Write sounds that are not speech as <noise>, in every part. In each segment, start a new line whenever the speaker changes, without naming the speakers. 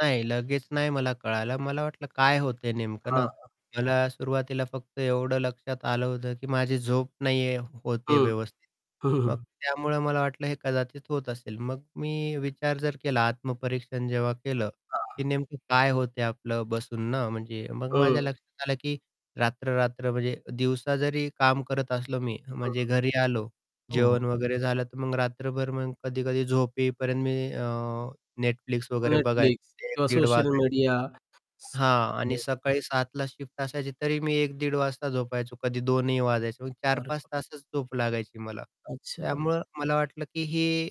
नाही, लगेच नाही मला कळालं. मला वाटलं काय होतंय नेमकं ना,
हां.
मला सुरुवातीला फक्त एवढं लक्षात आलं होतं, की माझी झोप नाहीये होते आहे
हं,
व्यवस्थित. मग
<chuckles>
त्यामुळं मला वाटलं हे कदाचित होत असेल. मग मी विचार जर केला आत्मपरीक्षण जेव्हा केलं,
हां.
की नेमकं काय होतंय आपलं बसून ना, म्हणजे मग माझ्या
हं.
लक्षात आलं की रात्र-रात्र म्हणजे दिवसा जरी काम करत असलो मी,
हं.
म्हणजे घरी आलो,
हो, हो.
जेवण वगैरे झालं तर मग रात्रभर मग कधी-कधी झोप येईपर्यंत मी अ, Netflix वगैरे बघायचं
Netflix
ते एक
किंवा
दीड
सोशल
वाजायचं.
मीडिया. स
हां आणि
हं.
सकाळी 7:00ला शिफ्ट असायची तरी मी 1:00-1:30 वाजता झोपायचो कधी 2:00ही वाजायचे. चार
अरे
पाच
बाप
तासच झोप लागायची मला.
अच्छा.
त्यामुळं मला वाटलं की हे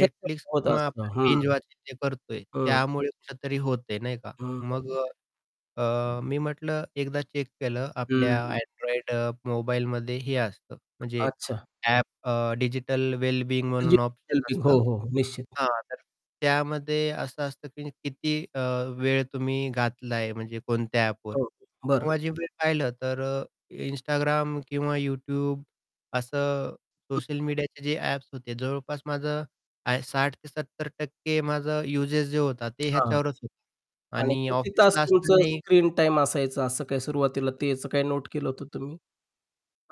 ते तर होत
किंवा
असतं,
आपण
हं.
बिंज वॉचिंग जे करतोय
हं.
त्यामुळे कुठेतरी होतंय, नाही का.
हं. बरोबर
मग
आहे.
अ, अ, मी म्हटलं एकदा चेक केलं
हं,
आपल्या
हं.
Android अ, मोबाईलमध्ये हे असतं म्हणजे
अच्छा.
ॲप अ, डिजिटल वेलबीइंग म्हणून
डिजिटल
ऑप्शन
वेलबीइंग हो,
असतं
हो, निश्चित.
हां, तर त्यामध्ये असं असतं की किती अ, वेळ तुम्ही घातला आहे म्हणजे कोणत्या ॲपवर.
हो, हो, बरं.
तेव्हा जे वेळ पाहिलं तर अ, Instagram किंवा YouTube असं
हं.
सोशल मीडियाचे जे ॲप्स होते जवळपास माझं, आय 60-70% माझं युसेज जे होता ते
हां
ह्याच्यावरच होतं.
आणि
आणि
किती तास
ऑफिसला
तुमचं
असतानाही
स्क्रीन टाईम असायचं असं काही सुरुवातीला ते ह्याचं काही नोट केलं होतं तुम्ही?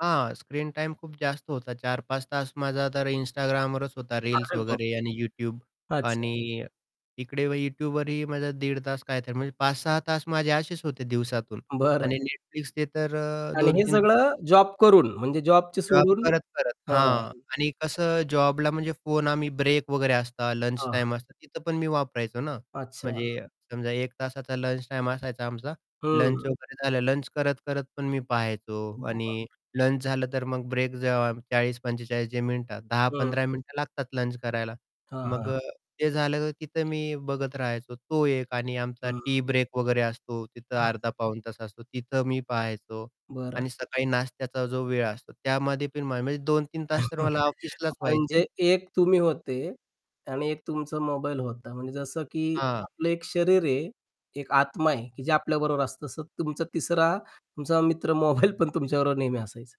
हां, स्क्रीन टाईम खूप जास्त होता 4-5 तास माझा तर Instagramवरच होता रील्स
अरे बाप
वगैरे आणि YouTube
रे! अच्छा.
आणि इकडे व YouTubeवरही माझं दीड तास काय तर म्हणजे 5-6 तास माझे असेच होते दिवसातून
बरं.
आणि Netflixचे तर अ,
आणि
दोन
हे
तीन
सगळं
<unintelligible>
जॉब करून म्हणजे जॉबच
जॉब
सोडून
करत-करत
हां.
हां आणि कसं जॉबला म्हणजे फोन आम्ही ब्रेक वगैरे असता लंच
हां, हां.
टाईम असतात तिथं पण मी वापरायचो ना.
अच्छा.
म्हणजे समजा 1 तासाचा लंच टाईम असायचा आमचा
हं.
लंच वगैरे झालं, लंच करत-करत पण मी पाहायचो
उम्म,
आणि
बापरे!
लंच झालं तर मग ब्रेक जे आ, 40-45 जे मिनिट दहा
हं.
पंधरा मिनिटं लागतात लंच करायला.
हां,
मग
हां.
अ, ते झालं तर तिथं मी बघत राहायचो तो एक आणि आमचा
हं.
टी ब्रेक वगैरे असतो तिथं
हां.
अर्धा पाऊण तास असतो तिथं मी पहायचो.
बरं.
आणि सकाळी नाश्त्याचा जो वेळ असतो त्यामध्ये पण माझ म्हणजे 2-3 तास तर
<chuckles>
मला ऑफिसलाच व्हायचे.
म्हणजे एक तुम्ही होते आणि एक तुमचा मोबाईल होता. म्हणजे जसं की
हां.
आपलं एक शरीर आहे, एक आत्मा आहे, की जे आपल्याबरोबर असतं. तसं तुमचा तिसरा तुमचा मित्र मोबाईल पण तुमच्याबरोबर नेहमी असायचा.